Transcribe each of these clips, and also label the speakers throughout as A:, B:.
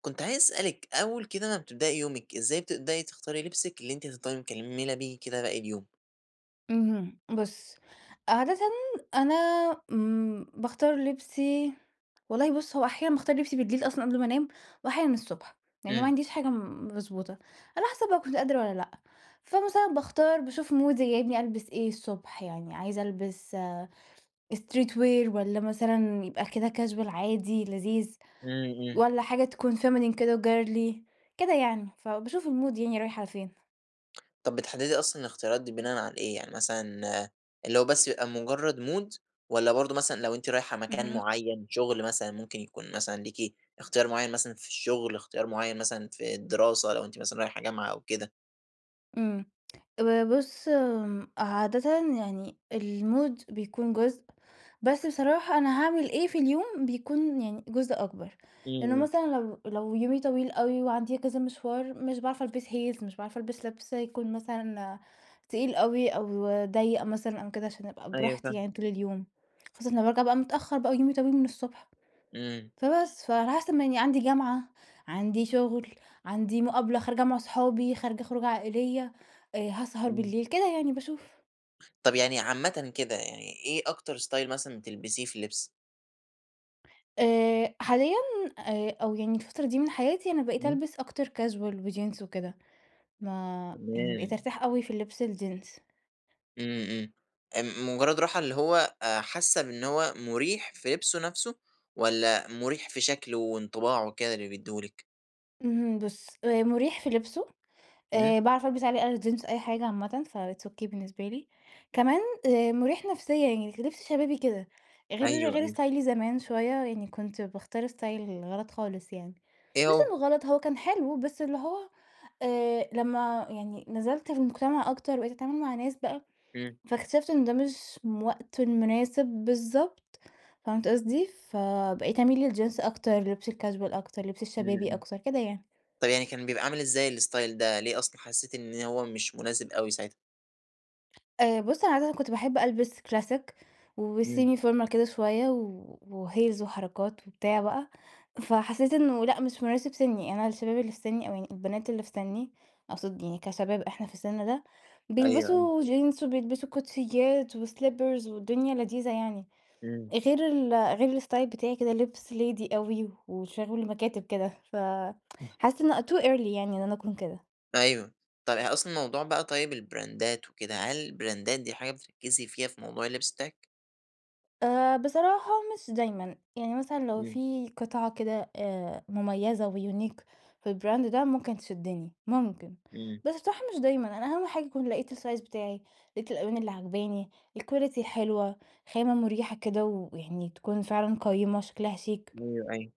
A: كنت عايز أسألِك أول كده ما بتبدئي يومِك إزاي بتبدئي تختاري لبسِك اللي أنتِ هتفضلي مكملة بيه كده باقي اليوم؟
B: اهم بُصّ، عادةً أنا امم باختار لبسي والله بُص هو أحيانًا باختار لبسي بالليل أصلًا قبل ما أنام، وأحيانًا الصبح. يعني ما
A: امم.
B: عنديش حاجة م مضبوطة. على حسب بقى كنت قادرة والّا لأ. فمثلًا باختار باشوف مودي جايبني ألبس إيه الصبح يعني، عايزة ألبس street wear والّا مثلًا يبقى كده casual عادي لذيذ
A: امم، امم.
B: والّا حاجة تكون feminine كده وgirly كده يعني. فباشوف المود يعني رايح على فين.
A: طَب بتحدِّدي أصلًا الاختيارات دي بناءً على إيه؟ يعني مثلًا اللي هو بس بيبقى مجرد مود والَّا برضه مثلًا لو أنتِ رايحة مكان
B: اهم.
A: معيّن، شغل مثلًا ممكن يكون مثلًا ليكِ اختيار معيّن مثلًا في الشغل، اختيار معيّن مثلًا في الدراسة لو أنتِ مثلًا رايحة جامعة أو كده؟
B: امم، ب بُصّ عادةً يعني المود بيكون جزء، بس بصراحة أنا هاعمل إيه في اليوم بيكون يعني جزء أكبر. لأنه
A: امم.
B: مثلًا لو لو يومي طويل أوي وعندي كذا مشوار، مش باعرف ألبس heels مش باعرف ألبس لِبْس يكون مثلًا تقيل أوي، أو ضيَّق مثلًا أو كده عشان أبقى
A: أيوة
B: براحتي
A: فاهمِك.
B: يعني طول اليوم. خاصةً لمّا بارجع بقى متأخر بقى ويومي طويل من الصبح.
A: امم.
B: فبس فعلي حسب ما يعني عندي جامعة، عندي شغل، عندي مقابلة خارجة مع اصحابي، خارجة خروجة عائليّة، آآ هاسهر
A: امم.
B: بالليل كده يعني باشوف.
A: طب يعني عامةً كده، يعني إيه أكتر style مثلًا بتلبسيه في اللبس؟
B: آآ، حاليًا آآ، أو يعني الفترة دي من حياتي أنا بقيت
A: إمم.
B: ألبس أكتر casual وجينز وكده، ما يعني بقيت
A: تمام.
B: أرتاح أوي في اللبس الجينز.
A: امم، امم، آآ، مجرد راحة اللي هو آآ، حاسة بإن هو مريح في لِبسه نَفْسه، والّا مريح في شكله وانطباعه وكده اللي بيدّيه لك؟
B: اهم، بُصّ آآ، مريح في لِبسه،
A: إمم.
B: آآ، باعرف ألبس عليه أي جينز أي حاجة عامةً، فit's okay بالنسبة لي، كمان آآ، مريح نفسيًا يعني كلِبس شبابي كده، غير
A: أيوه،
B: غير
A: أيوه.
B: استايلي زمان شوية، يعني كنت باختار style غلط خالص يعني،
A: إيه
B: مش
A: هو؟
B: إنه غلط هو كان حلو، بس اللي هو آآ، لمّا يعني نزلت المجتمع أكتر وبقيت أتعامل مع ناس بقى،
A: امم.
B: فاكتشفت إنه ده مش م وقته المناسب بالضبط، فهمت قصدي؟ فبقيت أميل للجينز أكتر، لِبس الcasual أكتر، لِبس
A: إمم،
B: الشبابي
A: إمم،
B: أكتر كده يعني.
A: طيب يعني كان بيبقى عامل إزاي الstyle ده، ليه أصلًا حسيتِ إن هو مش مناسب أوي ساعتها؟
B: آآ، بُصّ أنا عادةً كُنت باحب ألبس classic
A: إمم.
B: وsemi formal كده شوية و وheels وحركات وبتاع بقى، فحسيت إنه لأ مش مناسب سِني، أنا الشباب اللي في سِني أو يعني البنات اللي في سِني أقصد يعني كشباب إحنا في السِن ده،
A: أيوه، أيوه.
B: بيلبسوا جينز وبيلبسوا كوتشيات وslippers والدنيا لذيذة يعني،
A: إمم.
B: غير ال غير الstyle بتاعي كده، لبس lady أوي وشغل مكاتب كده، ف
A: [unintelligible]
B: حاسة إنه too early يعني إن أنا أكون كده.
A: أيوه، طب يعني أصلًا موضوع بقى طيب البراندات وكده، هل البراندات دي حاجة بتركّزي فيها في موضوع اللبس بتاعِك؟
B: آآ، بصراحة مش دايمًا. يعني مثلًا لو
A: إمم.
B: في قطعة كده آآ، مميّزة وunique في الbrand ده ممكن تشدّني، ممكن،
A: إمم.
B: بس بصراحة مش دايمًا. أنا أهم حاجة يكون لقيت الsize بتاعي، لقيت الألوان اللي عاجباني، الquality الحلوة، خامة مريحة كده، ويعني تكون فعلًا قيّمة شكلها شيك.
A: أيوه، أيوه،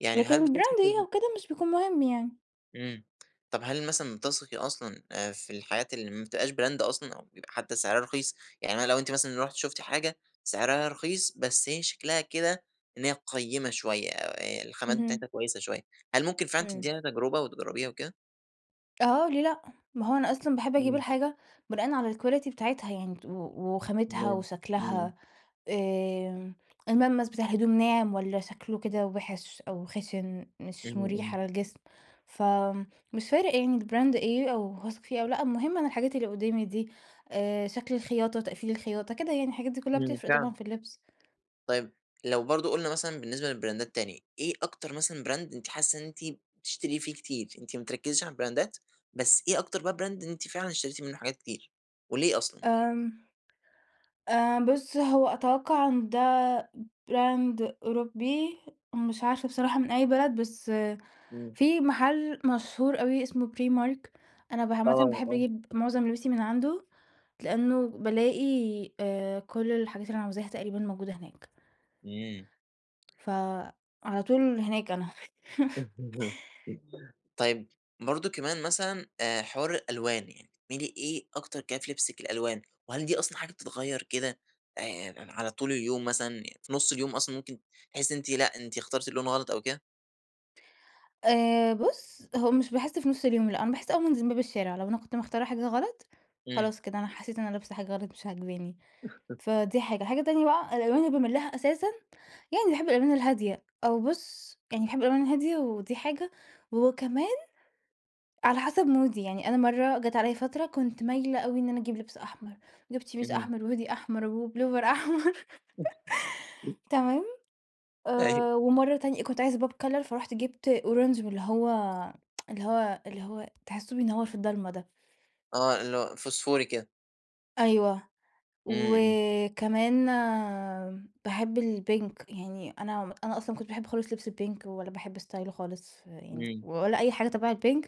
A: يعني هل
B: لكن
A: بتثقي
B: الbrand إيه
A: في
B: أو كده مش بيكون مهم يعني.
A: إمم، طب هل مثلًا بتثقي أصلًا آآ، في الحاجات اللي ما بتبقاش brand أصلًا، أو بيبقى حتى سعرها رخيص، يعني أنا لو أنتِ مثلًا رُحتِ شفتِ حاجة سعرها رخيص بس هي شكلها كده إن هي قيّمة شوية، آآ، الخامات
B: إهم.
A: بتاعتها كويسة شوية، هل ممكن فعلًا
B: إمم.
A: تديها تجربة وتجربيها وكده؟
B: آه، ليه لأ، ما هو أنا أصلًا باحب أجيب
A: إمم.
B: الحاجة بناءً على الquality بتاعتها يعني ت و وخامتها
A: تمام، إمم، امم.
B: وشكلها، آمم، الملمس بتاع الهدوم ناعم والّا شكله كده وِحِش أو خشن مش
A: إمم،
B: مريح
A: إمم.
B: على الجسم. فمش فارق يعني الbrand إيه أو هاثق فيه أو لأ، المهم أنا الحاجات اللي قدّامي دي آآ، شكل الخياطة، تقفيل الخياطة كده يعني، الحاجات دي كلّها
A: إمم،
B: بتفرّق طبعًا
A: فعلًا.
B: في اللبس.
A: طيب لو برضو قلنا مثلًا بالنسبة للبراندات تاني إيه أكتر مثلًا براند أنتِ حاسة إن أنتِ بتشتري فيه كتير؟ أنتِ ما بتركّزيش علي البراندات، بس ايه أكتر بقى براند أنتِ فعلًا اشتريتِ منه حاجات كتير وليه أصلًا؟
B: آمم، آآ بُصّ هو أتوقع إن دا براند أوروبي مش عارفة بصراحة من أي بلد بس
A: امم.
B: في محل مشهور أوي اسمه Primark، أنا ب عامة
A: آه
B: باحب
A: آه.
B: أجيب معظم لبسي من عنده. لإنه بَالاقي آآ كل الحاجات اللي أنا عاوزاها تقريباً موجودة هناك.
A: امم.
B: ف على طول هناك أنا.
A: طيب برضو كمان مثلًا آآ، حوار الألوان يعني بتميلي إيه أكتر كده فلبسِك الألوان؟ وهل دي أصلًا حاجة بتتغير كده آآ على طول اليوم مثلًا؟ في نص اليوم أصلًا ممكن تحسي إن أنتِ لأ أنتِ اخترتِ اللون الغلط أو كده؟
B: آآ بُصّ هو مش باحس في نص اليوم لأ، أنا باحس أول ما أنزل من باب الشارع. لو أنا كنت مختارة حاجة غلط
A: امم.
B: خلاص كده أنا حسيت إن أنا لابسه حاجة غلط مش عاجباني فدي حاجة، حاجة تانية بقى الألوان اللي باميل لها أساسًا يعني باحب الألوان الهادية، أو بُصّ يعني باحب الألوان الهادية ودي حاجة، وكمان على حسب مودي. يعني أنا مرّة جات عليَّ فترة كنت مايلة أوي إن أنا أجيب لبس أحمر، جِبت شميز
A: امم.
B: أحمر، وهودي أحمر، وبلوفر أحمر تمام.
A: أيوه.
B: آآ ومرّه تانية كنت عايزة pop color فرُحت جِبت orange من اللي هو اللي هو اللي هو تحسّه بينور في الضلمة ده.
A: آه اللي هو فسفوري كده.
B: أيوه
A: امم امم.
B: وكمان باحب الpink يعني أنا أنا أصلًا ما كنتش باحب خالص لبس الpink ولا باحب ستايله خالص يعني
A: امم.
B: ولا أي حاجة تبع الpink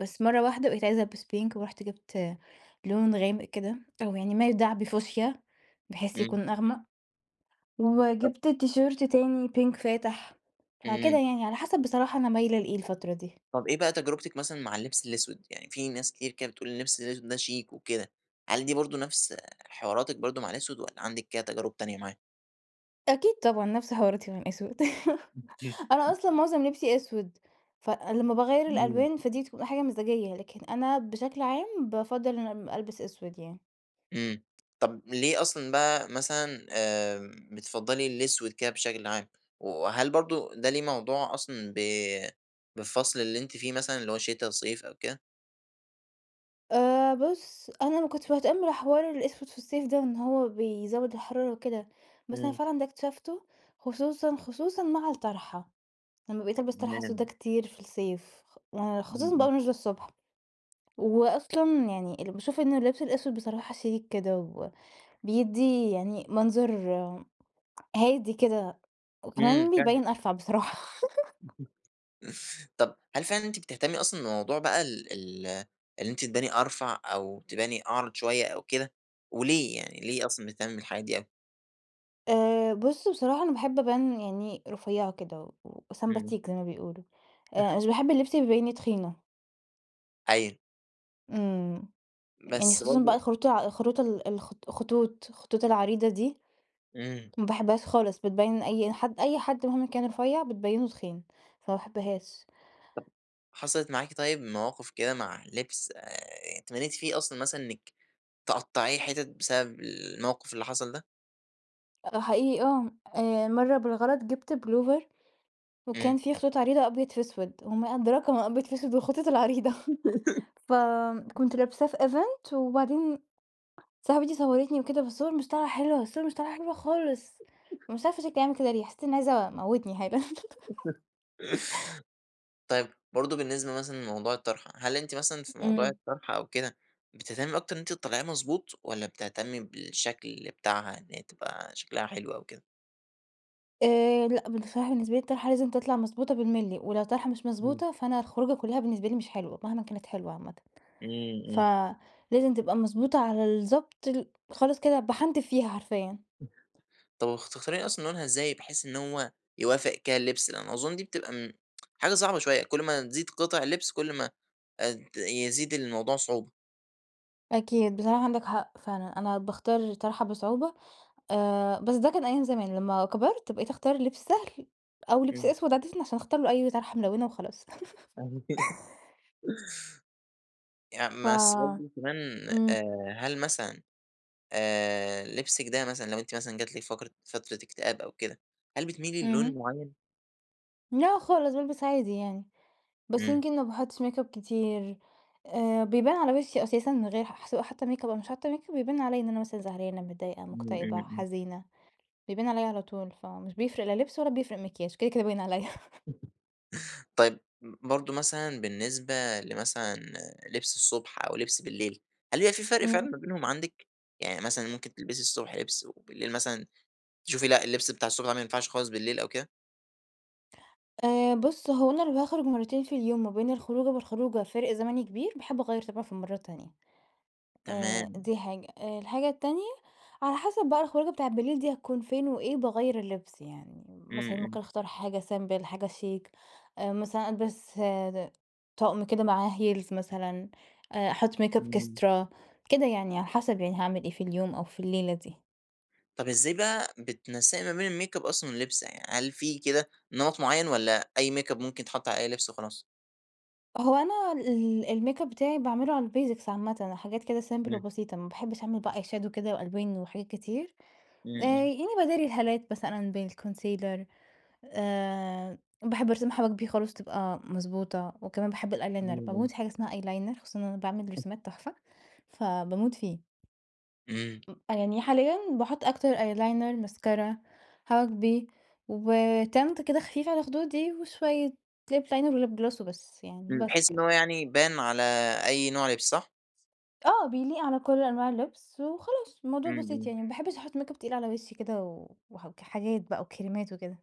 B: بس مرة واحدة بقيت عايزة ألبس pink ورُحت جِبت لون غامق كده أو يعني ما يدعى بفوشيا بحيث
A: امم.
B: يكون أغمق
A: ط
B: وجِبت تيشيرت تاني pink فاتح فكده
A: امم.
B: يعني على حسب بصراحة أنا مايلة لإيه الفترة دي.
A: طب ايه بقى تجربتِك مثلًا مع اللبس الأسود؟ يعني في ناس كتير كده بتقول اللبس الأسود ده شيك وكده، هل دي برضه نفس حواراتِك برضه مع الأسود والّا عندِك كده تجارب تانية معاه؟
B: أكيد طبعًا نفس حواراتي مع الأسود. أنا
A: [unintelligible]
B: أصلًا معظم لبسي أسود فلما باغيّر
A: امم.
B: الألوان فدي بتبقى حاجة مزاجية. لكن أنا بشكل عام بافضّل إن أنا ألبس أسود يعني.
A: امم طب ليه أصلًا بقى مثلًا آآ بتفضّلي الأسود كده بشكل عام؟ وهل برضه ده ليه موضوع أصلًا ب بالفصل اللي أنتِ فيه مثلًا اللي هو شتا، صيف أوكده؟
B: آآ بُصّ، أنا ما كنتش باهتم بحوار الأسود في الصيف ده، لإن هو بيزود الحرارة وكده بس أنا
A: إمم.
B: فعلًا ده اكتشفته خصوصًا، خصوصًا مع الطرحة، لما بقيت ألبس طرحة سودا
A: تمام.
B: كتير في الصيف خ آآ
A: امم
B: خصوصًا بقى
A: امم.
B: وأنا نازلة الصبح وأصلًا يعني اللي باشوف إنه اللبس الأسود بصراحة شيك كده، وبيدِّي يعني منظر هادي كده
A: امم
B: وكمان
A: فعلًا.
B: بيبين أرفع بصراحة.
A: طب هل فعلًا أنتِ بتهتمي أصلًا بموضوع بقى ال ال اللي أنتِ تباني أرفع أو تباني أعرض شوية أو كده؟ وليه يعني، ليه أصلًا بتهتمي بالحاجات دي أوي؟
B: آآ، بُص بصراحة أنا باحب أبان يعني رفيعة كده، و
A: إمم.
B: وسمباتيك زي ما بيقولوا. آآ، مش باحب اللبس اللي يبيني تخينة.
A: أيوه.
B: إمم، يعني
A: بس
B: خصوصًا بقى
A: برضو
B: الخروط الع الخروط ال الخ الخطوط- الخطوط العريضة دي.
A: إمم.
B: ما باحبهاش خالص بتبين أي حد أي حد مهمًا كان رفيع بتبينه تخين، فما باحبهاش.
A: طب، حصلت معاكِ طيّب مواقف كده مع اللبس آآ، اتمنيتِ فيه أصلًا مثلًا إنِّك تقطعيه حتت بسبب الموقف اللي حصل ده؟
B: آه، حقيقي آه، آآ مرّة بالغلط جِبت بلوفر
A: إمم.
B: وكان في خطوط عريضة أبيض في أسود وما أدراك ما أبيض في أسود والخطوط العريضة، فكنت لابساه في event، وبعدين صاحبتي صورتني وكده، فالصور مش طالعة حلوة، الصور مش طالعة حلوة خالص، ومش عارفة شكلي عامل كده ليه؟! حسّيت إنّي عايزة أموتني حالًا.
A: طيب برضو بالنسبة مَثْلًا لموضوع الطرحة، هل أنتِ مَثْلًا في موضوع
B: إمم.
A: الطرحة أو كده بتهتمي أكتر إن أنتِ تطلّعيها مضبوط والّا بتهتمي بالشكل بتاعها إن هي تبقى شكلها حلو أو كده؟
B: آآ لأ بن بصراحة بالنسبة لي الطرحة لازم تطلع مضبوطة بالمللي، ولو الطرحة مش
A: إمم.
B: مضبوطة فأنا الخروجة كلها بالنسبة لي مش حلوة مهمًا كانت حلوة عامةً.
A: إمم إمم.
B: فلازم تبقى مضبوطة على الضبط ال خالص كده باحنتف فيها حرفيًا.
A: [unintelligible] طب وبتختاري أصلًا لونها إزاي بحيث إن هو يوافق كده اللبس؟ لأن أظن دي بتبقى امم، حاجة صعبة شوية كل ما تزيد قطع اللبس كل ما آآ ت يزيد الموضوع صعوبة.
B: أكيد بصراحة عندك حق فعلًا، أنا باختار الطرحة بصعوبة آآ بس ده كان أيام زمان، لما كبرت بقيت أختار لبس سهل أو لبس
A: إمم.
B: أسود عادةً عشان اختار له أي طرحة ملونة وخلاص.
A: يعني
B: ف
A: ما أصل برضو كمان
B: امم.
A: آآ هل مثلًا آآ لبسِك ده مثلًا لو أنتِ مثلًا جات لكِ فقرة فترة اكتئاب أو كده هل بتميلي للون
B: اهم.
A: معين؟
B: لا خالص بالبس عادي يعني، بس
A: إمم.
B: يمكن ما باحطش ميك أب كتير آآ بيبان على وشي أساسًا من غير ح سواء حاطة ميك أب أو مش حاطة ميك أب يبان عليّا إن أنا مثلًا زعلانة، متضايقة،
A: إمم إمم
B: مكتئبة،
A: إمم.
B: حزينة بيبان عليّا على طول فمش بيفرق لا لبس ولا بيفرق مكياج كده كده باين عليّا.
A: طيب برضه مثلًا بالنسبة لمثلًا لبس الصبح أو لبس بالليل هل بيبقي في فرق فعلًا
B: امم.
A: ما بينهم عندِك؟ يعني مثلًا ممكن تلبسي الصبح لبس وبالليل مثلًا تشوفي لأ، اللبس بتاع الصبح ده لا ما ينفعش خالص بالليل أو كده؟
B: آآ بُصّ، هو أنا لو هاخرُج مرتين في اليوم، ما بين الخروجة والخروجة فارق زمني كبير باحب أغيّر طبعًا في المرة التانية، آآ
A: تمام.
B: دي حاجة. الحاجة التانية على حسب بقى الخروجة بتاعة بالليل دي هتكون فين وإيه باغيّر اللبس، يعني
A: امم،
B: مثلًا
A: امم.
B: ممكن أختار حاجة سيمبل، حاجة شيك مثلًا ألبِس آآ طقم كده معاه heels مثلًا، أحُط ميك أب
A: امم.
B: إكسترا كده يعني، على حسب يعني هاعمل إيه في اليوم أو في الليلة دي.
A: طب إزاي بقى بتنسَّقي ما بين الميك أب أصلًا واللبس؟ يعني هل في كده نمَط معين والّا أي ميك أب ممكن يتحط على أي لبس وخلاص؟
B: هو أنا ال الميك أب بتاعي باعمل له على الBasics عامةً حاجات كده سيمبل
A: امم.
B: وبسيطة، ما باحبش أعمل بقى Eyeshadow كده وألوان وحاجات كتير،
A: امم،
B: آآ
A: امم.
B: يعني باداري الهالات مثلًا بالكونسيلر آآ باحب أرسم حواجبي خالص تبقى مضبوطة، وكمان باحب الأيلاينر باموت
A: [unintelligible]
B: في حاجة اسمها أيلاينر! خصوصًا إن أنا باعمل
A: [unintelligible]
B: رسومات تحفة، فباموت فيه.
A: امم.
B: أ يعني حاليًا باحُط أكتر أيلاينر، ماسكارا حواجبي، وTint كده خفيف على خدودي وشوية ليب لاينر وليب جلوس وبس يعني
A: امم،
B: بس
A: بحيث إن
B: كده.
A: هو يعني يبان على أي نوع لبس صح؟
B: آه، بيليق على كل أنواع اللبس وخلاص الموضوع
A: امم،
B: بسيط
A: امم.
B: يعني، ما باحبش أحُط ميك أب تقيل على وشي كده و وحاجات بقى وكريمات وكده.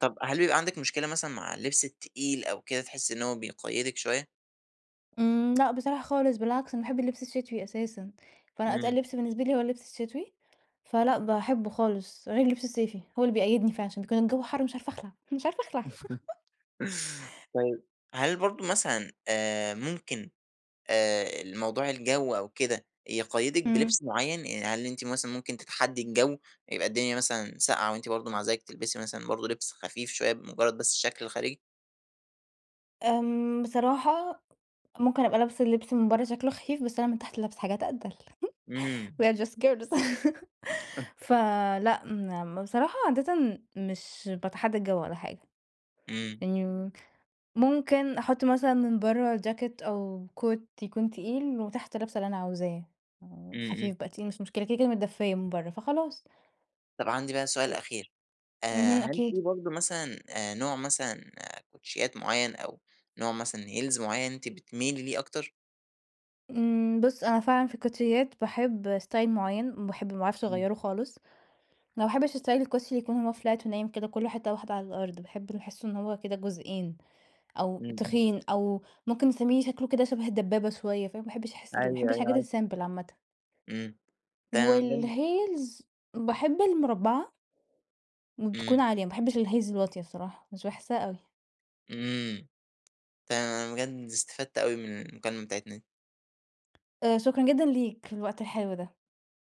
A: طب هل بيبقى عندِك مشكلة مثلًا مع اللبس التقيل أو كده تحسي إن هو بيقيّدِك شوية؟
B: امم، لأ بصراحة خالص بالعكس، أنا باحب اللبس الشتوي أساسًا. فأنا
A: امم.
B: أتقل لبس بالنسبة لي هو اللبس الشتوي، فلأ باحبه خالص. غير اللبس الصيفي هو اللي بيقيدني فعشان كان الجو حر مش عارفة أخلع، مش عارفة أخلع.
A: طيب هل برضو مثلًا آآ ممكن آآ ال موضوع الجو أو كده يقيّدِك
B: امم.
A: بلبس معين؟ يعني هل أنتِ مثلًا ممكن تتحدي الجو، يبقى الدنيا مثلًا ساقعة وأنتِ برضو مع ذلك تلبسي مثلًا برضو لبس خفيف شوية بمجرد بس الشكل الخارجي؟
B: آمم، بصراحة ممكن أبقى لابسة اللبس من برّا شكله خفيف بس أنا من تحت لابسة حاجات أتقل we
A: إمم.
B: are just girls
A: [unintelligible]
B: فلأ مم بصراحة عادةً مش باتحدّى الجو ولا حاجة.
A: امم.
B: يعني مم ممكن أحط مثلًا من برّا جاكيت أو Coat يكون تقيل وتحت لابسة اللي أنا عاوزاه، آآ
A: إمم، إمم.
B: خفيف بقى تقيل مش مشكلة كده، كده متدفيّة من برّا فخلاص.
A: طب عندي بقى سؤال
B: و
A: أخير، آآ
B: اهم،
A: هل في
B: أكيد.
A: برضو مثلًا نوع مثلًا كوتشيّات معين أو نوع مثلًا heels معين أنتِ بتميلي ليه أكتر؟
B: امم بُصّ، أنا فعلًا في الكوتشيّات باحب style معين، باحب ما باعرفش
A: إمم.
B: أغيره خالص، أنا ما باحبش style الكوتشي اللي يكون هو flat ونايم كده كلّه حتة واحدة على الأرض، باحب اللي باحسّه إنه هو كده جزئين أو
A: امم، امم.
B: تخين أو ممكن تسميه شكله كده شبه الدبابة شوية فاهم، ما باحبش أحس ال ما باحبش
A: أيوه، أيوه
B: الحاجات
A: عارفه.
B: الsimple عامةً.
A: امم، تمام أنا بجد
B: والheels باحب المربعة وبتكون
A: امم.
B: عالية، ما باحبش الheels الواطية الصراحة، مش باحسّها أوي.
A: إمم. تمام أنا بجد استفدت أوي من المكالمة بتاعتنا دي.
B: آآ شكرًا جدًا ليك الوقت الحلو ده.